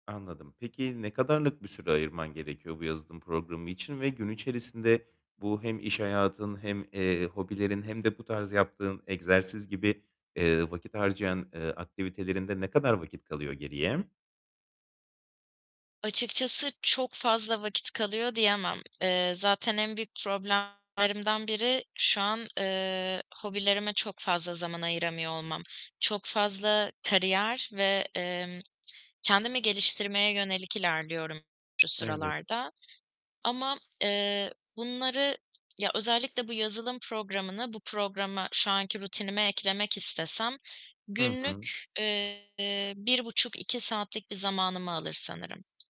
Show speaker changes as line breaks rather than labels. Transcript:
Anladım. Peki, ne kadarlık bir süre ayırman gerekiyor bu yazılım programı için? Ve gün içerisinde bu hem iş hayatın, hem, eee, hobilerin, hem de bu tarz yaptığın egzersiz gibi, eee, vakit harcayan, eee, aktivitelerinde ne kadar vakit kalıyor geriye?
Açıkçası çok fazla vakit kalıyor diyemem. Eee, zaten en büyük problemlerimden biri şu an, eee, hobilerime çok fazla zaman ayıramıyor olmam. Çok fazla kariyer ve, emm, kendimi geliştirmeye yönelik ilerliyorum şu
Evet.
sıralarda ama, eee, bunları ya, özellikle bu yazılım programını, bu programı şu anki rutinime eklemek istesem
Hı hı.
günlük, eee, 1.5- 2 saatlik bir zamanımı alır sanırım.